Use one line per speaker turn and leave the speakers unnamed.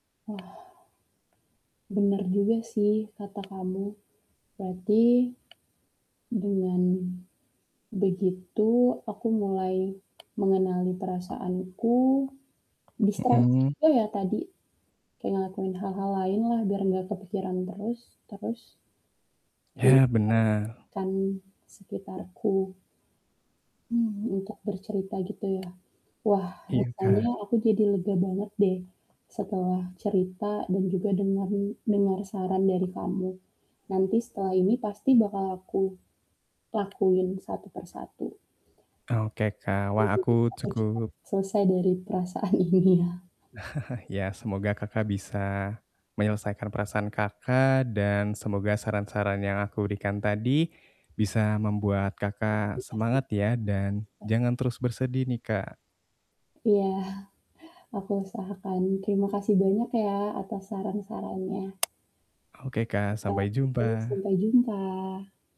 Wah. Bener juga sih kata kamu. Berarti dengan begitu, aku mulai mengenali perasaanku, distraksi
Mhm.
juga ya tadi, kayak ngelakuin hal-hal lain lah biar nggak kepikiran terus, terus Iya.
Ya, benar.
Kan sekitarku. Hmm, untuk bercerita gitu ya. Wah,
Iya,
rasanya
Kak.
aku jadi lega banget deh setelah cerita dan juga dengeri dengar saran dari kamu. Nanti setelah ini pasti bakal aku lakuin satu per satu.
Ah, oke, Kak,
Dan
wah aku
juga akan cepat
cukup
selesai dari perasaan ini ya.
Ya, semoga Kakak bisa menyelesaikan perasaan Kakak dan semoga saran-saran yang aku berikan tadi bisa membuat Kakak
Pasti pasti.
semangat ya. Dan
Pasti.
jangan terus bersedih nih, Kak.
Iya, aku usahakan. Terimakasih banyak ya atas saran-sarannya.
Oke Kak,
Kalau
sampai
gitu
jumpa.
sampai jumpa!